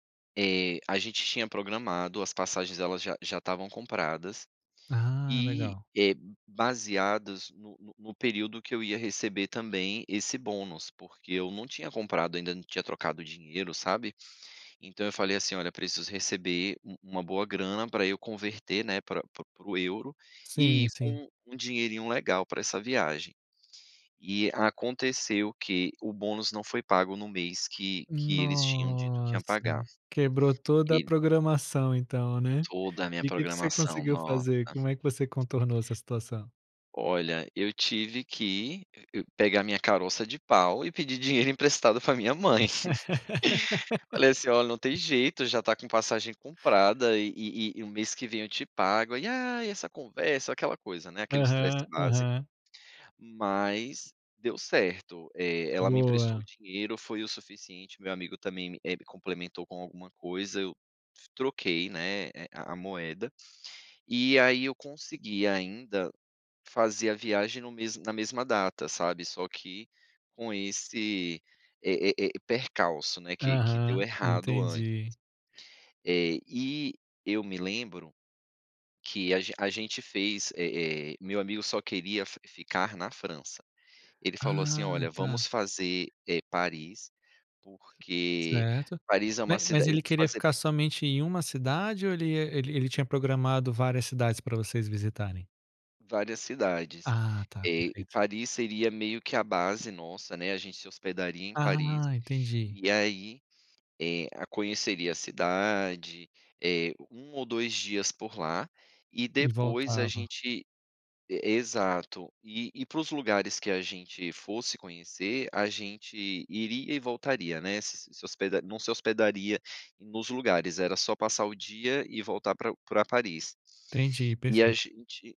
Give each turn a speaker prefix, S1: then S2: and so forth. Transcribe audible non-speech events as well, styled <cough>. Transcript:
S1: Eh, a gente tinha programado, as passagens elas já já estavam compradas,
S2: Ah,
S1: e,
S2: legal.
S1: eh, baseadas no no no período que eu ia receber também esse bônus. Porque eu não tinha comprado ainda, não tinha trocado dinheiro, sabe. Então eu falei, assim: "Olha, preciso receber u uma boa grana, pra eu converter, né, pra pra para o euro e
S2: Sim,
S1: ir
S2: sim.
S1: com um dinheirinho legal pra essa viagem". E aconteceu que o bônus não foi pago no mês que que eles tinham dito que iam
S2: Nossa,
S1: pagar,
S2: quebrou toda a
S1: e
S2: programação então, né.
S1: Toda a minha
S2: E que que você
S1: programação,
S2: conseguiu
S1: nossa.
S2: fazer? Como é que você contornou essa situação?
S1: Olha, eu tive que pegar minha caroça de pau e pedir dinheiro emprestado pra minha mãe. <laughs> Falei assim: "Olha, não tem jeito, já tá com passagem
S2: <laughs>
S1: comprada e e e o mês que vem eu te pago" e aí "Ai, essa conversa", aquela coisa, né, aquele estresse
S2: Aham,
S1: básico.
S2: aham.
S1: Mas deu certo, eh, ela me emprestou
S2: Boa.
S1: o dinheiro, foi o suficiente, meu amigo também, eh, me complementou com alguma coisa, eu troquei, né, a a moeda e aí eu consegui ainda fazer a viagem no mesmo na mesma data, sabe, só que com esse, eh eh eh, percalço, né, que que deu
S2: Aham,
S1: errado ant
S2: entendi.
S1: Eh, e eu me lembro que a a gente fez, eh, eh, meu amigo só queria fi ficar na França. Ele falou assim:
S2: Ah,
S1: "Olha,
S2: tá.
S1: vamos fazer, eh, Paris, porque
S2: Certo,
S1: Paris é
S2: ma
S1: uma
S2: mas
S1: cida e
S2: ele queria
S1: fazer
S2: ficar somente em uma cidade ou ele ele tinha programado várias cidades pra vocês visitarem?
S1: Várias cidades,
S2: Ah, tá,
S1: eh,
S2: perfeito.
S1: Paris seria meio que a base nossa, né. A gente se hospedaria em
S2: Ah,
S1: Paris,
S2: entendi.
S1: e aí, eh, conheceria a cidade, eh, 1 ou 2 dias por lá, e
S2: E
S1: depois a
S2: voltava.
S1: gente e exato, e e para os lugares que a gente fosse conhecer, a gente iria e voltaria, né. S se hospeda não se hospedaria nos lugares, era só passar o dia e voltar pra pra Paris,
S2: Entendi,
S1: e a
S2: perfeito.
S1: gente